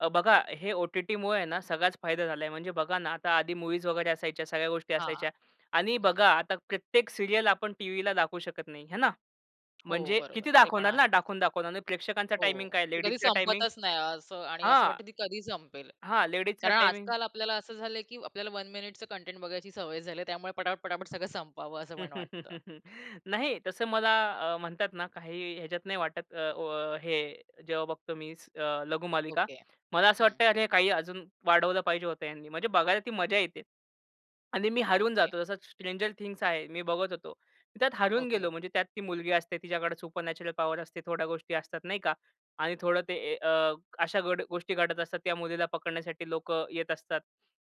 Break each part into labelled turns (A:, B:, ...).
A: अ, बघा, हे ओ-टी-टीमुळे हे ना सगळाच फायदा झालाय. म्हणजे बघा ना, आता आधी मूव्हीज वगैरे असायच्या सगळ्या गोष्टी
B: हां,
A: असायच्या आणि
B: हं.
A: बघा, आता प्रत्येक सीरियल आपण टीव्हीला दाखवू शकत नाही आहे ना.
B: हो,
A: म्हणजे
B: बरोबर.
A: किती
B: ते पण
A: दाखवणार ना?
B: आहेच.
A: दाखवून, दाखवून आणि प्रेक्षकांचा
B: हो.
A: टाईमिंग काय?
B: ती कधी
A: लेडीजचा टाईमिंग
B: संपतच नाही असं आणि असं
A: हां.
B: वाटतं ती कधी संपेल.
A: हां, लेडीजचा
B: कारण
A: टाईमिंग
B: आजकाल आपल्याला असं झालंय की आपल्याला 1 मिनिटचं कंटेंट बघायची सवय झाली त्यामुळे पटापट, पटापट सगळं संपावं असं मला वाटतं.
A: नाही तसं मला अ, म्हणतात ना काही ह्याच्यात नाही वाटत अ, व हे जेव्हा बघतो मी अ, लघुमालिका.
B: ओके,
A: मला असं
B: हं.
A: वाटतंय हे काही अजून वाढवलं पाहिजे होतं ह्यांनी म्हणजे बघायला ती मजा येते आणि मी हरवून
B: ओके.
A: जातो. जसा स्ट्रेंजर थिंग्ज आहे. मी बघत होतो. त्यात हरवून
B: ओके.
A: गेलो म्हणजे त्यात ती मुलगी असते तिच्याकडे सुपर नॅचरल पॉवर असते थोड्या गोष्टी असतात नाही का आणि थोडं ते ए अ, अशा घड गोष्टी घडत असतात त्या मुलीला पकडण्यासाठी लोकं येत असतात.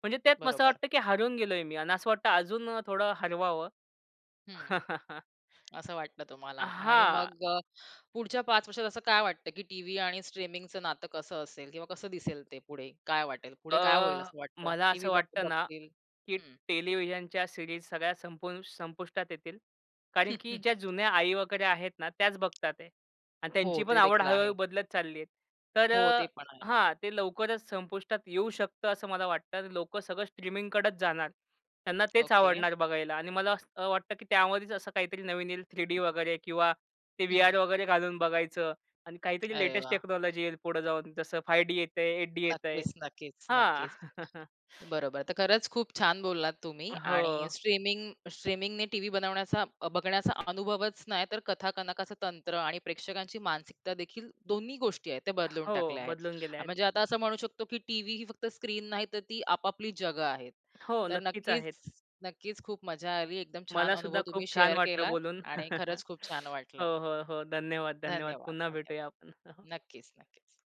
A: म्हणजे त्यात मग असं
B: बरोबर.
A: वाटतं की हरवून गेलोय मी आणि असं वाटतं अजून अ, थोडं हरवावं.
B: हं, असं वाटतं तुम्हाला
A: अ,
B: आणि
A: हां.
B: मग अ, पुढच्या 5 वर्षात असं काय वाटतं, की टीव्ही आणि स्ट्रीमिंगचं नातं कसं असेल किंवा कसं दिसेल ते पुढे? काय वाटेल? पुढे
A: अ,
B: काय होईल असं वाटतं?
A: मला
B: टीव्ही
A: असं
B: बघ
A: वाटतं ना
B: बघतील?
A: की
B: हं.
A: टेलिव्हिजनच्या सीरीज सगळ्या संपून संपुष्टात येतील कारण की ज्या जुन्या आई वगैरे आहेत ना त्याच बघतात आहे आणि
B: हो,
A: त्यांची पण
B: ते
A: आवड
B: देखील आहे.
A: हळू-हळू बदलत चालली आहे. तर
B: हो,
A: अ
B: ते पण आहे.
A: हां, ते लवकरच संपुष्टात येऊ शकतं असं मला वाटतं. लोकं सगळं स्ट्रीमिंगकडंच जाणार. त्यांना तेच
B: ओके.
A: आवडणार बघायला आणि मला असं वाटतं की त्यामध्येच असं काहीतरी नवीन येईल 3D वगैरे किंवा ते
B: हं.
A: व्हीआर वगैरे घालून बघायचं आणि काहीतरी
B: अरे
A: लेटेस्ट
B: वाह!
A: टेक्नॉलॉजी येईल पुढं जाऊन, जसं 5D येतंय 8D येतंय,
B: नक्कीच नक्कीच,
A: हां.
B: नक्कीच, बरोबर. तर खरंच खूप छान बोललात तुम्ही
A: अ,
B: आणि
A: हो.
B: स्ट्रीमिंग स्ट्रीमिंगने टीव्ही बनवण्याचा अ, बघण्याचा अनुभवच नाही तर कथा कनकाच तंत्र आणि प्रेक्षकांची मानसिकता देखील दोन्ही गोष्टी आहेत त्या
A: अ,
B: बदलून
A: हो.
B: टाकल्या आहेत.
A: बदलून गेल्या आहेत.
B: म्हणजे आता असं म्हणू शकतो की टीव्ही ही फक्त स्क्रीन नाही तर ती आपापली जगं आहेत.
A: हो,
B: तर
A: नक्कीच आहेत.
B: नक्कीच नक्कीच खूप मजा आली. एकदम छान
A: मला
B: अनुभव
A: सुद्धा खूप
B: तुम्ही
A: छान
B: शेअर
A: वाटलं
B: केलात
A: बोलून.
B: आणि खरंच खूप छान वाटलं.
A: हो, हो, हो. धन्यवाद, धन्यवाद.
B: धन्यवाद,
A: पुन्हा भेटूया
B: धन्यवाद.
A: आपण.
B: नक्कीच, नक्कीच.